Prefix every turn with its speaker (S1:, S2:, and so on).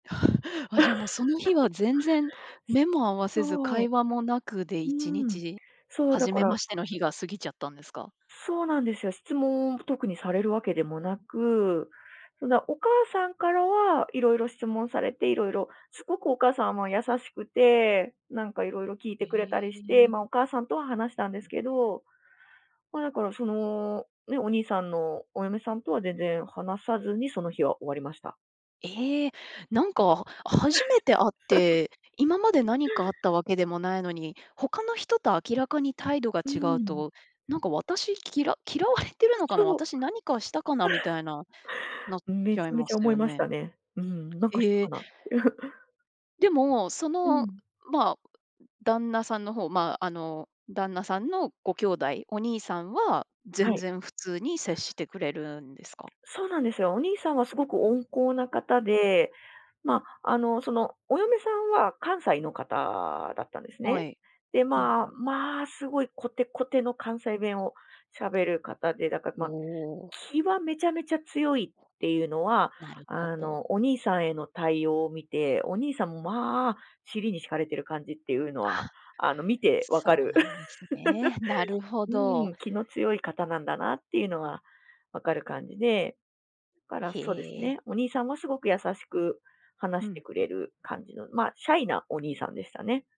S1: あ、じゃあ、もう、その日は 全然目も合わせず、
S2: そ
S1: 会
S2: う。
S1: 話もなくで、
S2: う
S1: いちに
S2: ん、
S1: ち、
S2: そう、だ
S1: 初
S2: か
S1: めま
S2: ら
S1: しての日が過ぎちゃったんですか？
S2: そうなんですよ、質問、特にされる訳でもなく、うな、お母さんからは色々質問されて、色々凄くお母さんは優しくて、何か色々聞いてくれた
S1: え
S2: りして、
S1: え。
S2: まあ、お母さんとは話したんですけど。まあ、だから、その、ね、お兄さんのお嫁さんとは、全然話さずに、その日は終わりました。
S1: ええ、何か、初めて会っ て、今迄、何かあった訳でもないのに、他の人と明らかに態度が
S2: う
S1: 違う
S2: ん。
S1: と、「何か、私、きら嫌われてる
S2: あ、
S1: のかな？
S2: そう。
S1: 私、何かしたかな？」み たいな、なっ
S2: め
S1: ち
S2: ち
S1: ゃい
S2: ゃめ
S1: ま
S2: ちゃ
S1: す
S2: 思い
S1: よ
S2: まし
S1: ね。
S2: たね、うん、「何かした
S1: え
S2: か
S1: え。
S2: な？」
S1: でも、そ
S2: う
S1: の、
S2: ん。
S1: まあ、旦那さんの方、まあ、あの、旦那さんのご兄弟、お兄さんは、
S2: は
S1: 全
S2: い。
S1: 然普通に、接してくれるんですか？
S2: そうなんですよ、お兄さんは、凄く温厚な方で、まあ、あの、その、お嫁さんは、関西の方だったんです
S1: は
S2: ね。
S1: い、
S2: で、
S1: はい
S2: まあ、
S1: はい。
S2: まあ、凄いこてこての、関西弁を喋る方で、だから、ま
S1: お
S2: あ、
S1: お。
S2: 気はめちゃめちゃ強いって言うのは、
S1: なるほ
S2: あ
S1: ど。
S2: の、お兄さんへの対応を見て、お兄さんも、まあ、尻に敷かれてる感じって言うのは、
S1: あ、
S2: あの、見て分か
S1: そう
S2: る。
S1: なんですね、なる ほ
S2: うー
S1: ど。
S2: ん、気の強い方なんだなって言うのは、分かる感じで、だから、
S1: へ
S2: そうです
S1: え。
S2: ね、お兄さんは凄く優しく
S1: う
S2: 話
S1: ん
S2: し
S1: う
S2: てく
S1: ん。
S2: れる感じの、まあ、シャイなお兄さんでしたね。